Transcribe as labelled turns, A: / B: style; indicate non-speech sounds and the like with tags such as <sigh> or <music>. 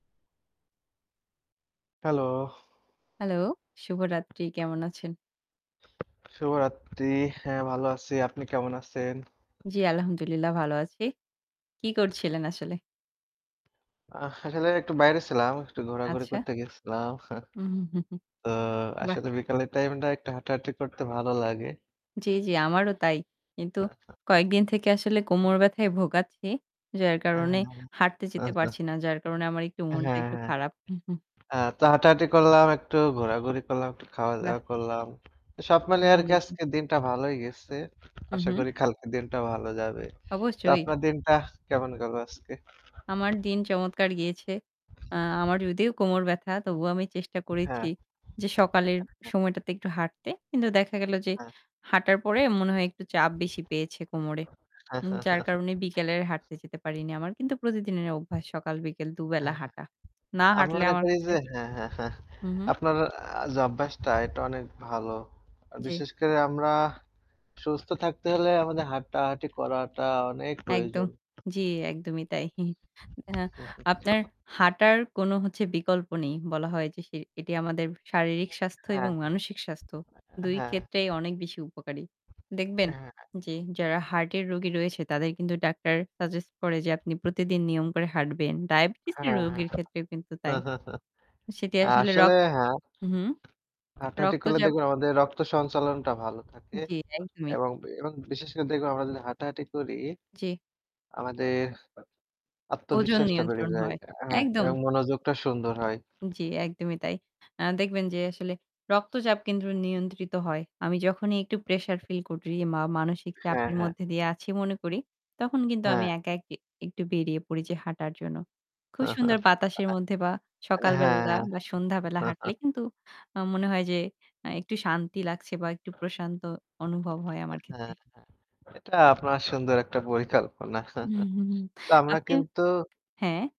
A: Hello.
B: Hello? শুভরাত্রি। কেমন আছেন?
A: শুভরাত্রি। হ্যাঁ, ভালো আছি। আপনি কেমন আছেন?
B: জ্বী, আলহামদুলিল্লাহ ভালো আছি। কি করছিলেন আসলে?
A: আ আসলে একটু বাইরে ছিলাম। একটু ঘোরাঘুরি
B: আচ্ছা।
A: করতে গিয়েছিলাম। <chuckles>
B: <chuckles>
A: তো
B: বাহ!
A: আসলে বিকালের টাইমটা একটু হাঁটাহাঁটি করতে ভালো লাগে।
B: জ্বী, জ্বী আমারও তাই। কিন্তু কয়েকদিন থেকে আসলে কোমর ব্যাথায় ভোগাচ্ছি। যার
A: হ্যাঁ,
B: কারণে হাঁটতে যেতে
A: আচ্ছা।
B: পারছি না। যার কারণে আমার একটু
A: হ্যাঁ,
B: মনটা একটু খারাপ। <chuckles>
A: হ্যাঁ। তো হাঁটাহাঁটি করলাম, একটু ঘোরাঘুরি করলাম, একটু খাওয়া-দাওয়া
B: বাহ!
A: করলাম। তো সব মিলে আরকি
B: ভালোই।
A: আজকের দিনটা ভালই গেছে।
B: হু,
A: আশা
B: হু।
A: করি কালকের দিনটা ভালো যাবে। তো
B: অবশ্যই।
A: আপনার দিনটা কেমন গেল আজকে?
B: আমার দিন চমৎকার গিয়েছে। আ আমার যদিও কোমর ব্যাথা তবুও আমি চেষ্টা করেছি
A: হ্যাঁ।
B: যে সকালের সময়টাতে একটু হাঁটতে। কিন্তু দেখা গেল যে,
A: হ্যাঁ।
B: হাঁটার পরে মনে হয় একটু চাপ বেশি পেয়েছে কোমরে। যার
A: <chuckles>
B: কারণে বিকেলে হাঁটতে যেতে পারিনি। আমার কিন্তু প্রতিদিনের অভ্যাস সকাল বিকাল ২ বেলা
A: হ্যাঁ।
B: হাঁটা। না
A: আমি
B: হাঁটলে
A: মনে
B: আমার
A: করি
B: কাছে
A: যে <chuckles>
B: হুম, হুম।
A: আপনার যে অভ্যাসটা এটা অনেক ভালো। আর
B: জ্বী।
A: বিশেষ করে আমরা সুস্থ থাকতে হলে আমাদের হাঁটাহাঁটি করাটা অনেক
B: একদম।
A: প্রয়োজন।
B: জ্বি, একদমই তাই। <chuckles> আপনার হাঁটার কোন হচ্ছে বিকল্প নেই। বলা হয় যে সে এটি আমাদের শারীরিক স্বাস্থ্য
A: হ্যাঁ,
B: এবং মানসিক স্বাস্থ্য
A: হ্যাঁ।
B: দুই
A: হ্যাঁ।
B: ক্ষেত্রেই অনেক বেশি উপকারী। দেখবেন
A: হ্যাঁ।
B: যে যারা হার্টের রোগী রয়েছে তাদের কিন্তু ডাক্তার সাজেস্ট করে যে আপনি প্রতিদিন নিয়ম করে হাঁটবেন। ডায়াবেটিসের
A: হ্যাঁ, হ্যাঁ।
B: রোগীর ক্ষেত্রেও কিন্তু তাই।
A: <chuckles>
B: সেটি আসলে রক
A: আসলে হ্যাঁ।
B: হুম, হুম।
A: হাঁটাহাঁটি করলে
B: রক্তচাপ
A: দেখবেন আমাদের রক্ত সঞ্চালনটা ভালো থাকে।
B: জ্বী, একদমই।
A: এবং এবং বিশেষ করে দেখুন আমরা যদি হাঁটাহাঁটি করি।
B: জ্বী।
A: আমাদের
B: ওজন
A: আত্মবিশ্বাসটা বেড়ে
B: নিয়ন্ত্রণ
A: যায়।
B: হয়,
A: আ হ্যাঁ।
B: একদম।
A: এবং মনোযোগটা সুন্দর হয়।
B: জ্বী, একদমই তাই। দেখবেন যে আসলে রক্তচাপ কিন্তু নিয়ন্ত্রিত হয়। আমি যখনই একটু প্রেশার ফিল করি বা মানসিক
A: হ্যাঁ,
B: চাপের
A: হ্যাঁ।
B: মধ্যে দিয়ে আছি মনে করি তখন কিন্তু আমি
A: হ্যাঁ।
B: একা এক একটু বেরিয়ে পড়ি যে হাঁটার জন্য। খুব সুন্দর
A: <chuckles> হ্যাঁ।
B: বাতাসের মধ্যে বা সকাল বেলা
A: হ্যাঁ।
B: বা সন্ধ্যাবেলা হাঁটলে
A: <chuckles>
B: কিন্তু আমার মনে হয় যে একটু শান্তি লাগছে বা একটু প্রশান্ত অনুভব হয় আমার
A: হ্যাঁ,
B: ক্ষেত্রে।
A: এটা আপনার সুন্দর একটা পরিকল্পনা। <chuckles>
B: হুম,
A: তো আমরা
B: আপনি
A: কিন্তু
B: হ্যাঁ?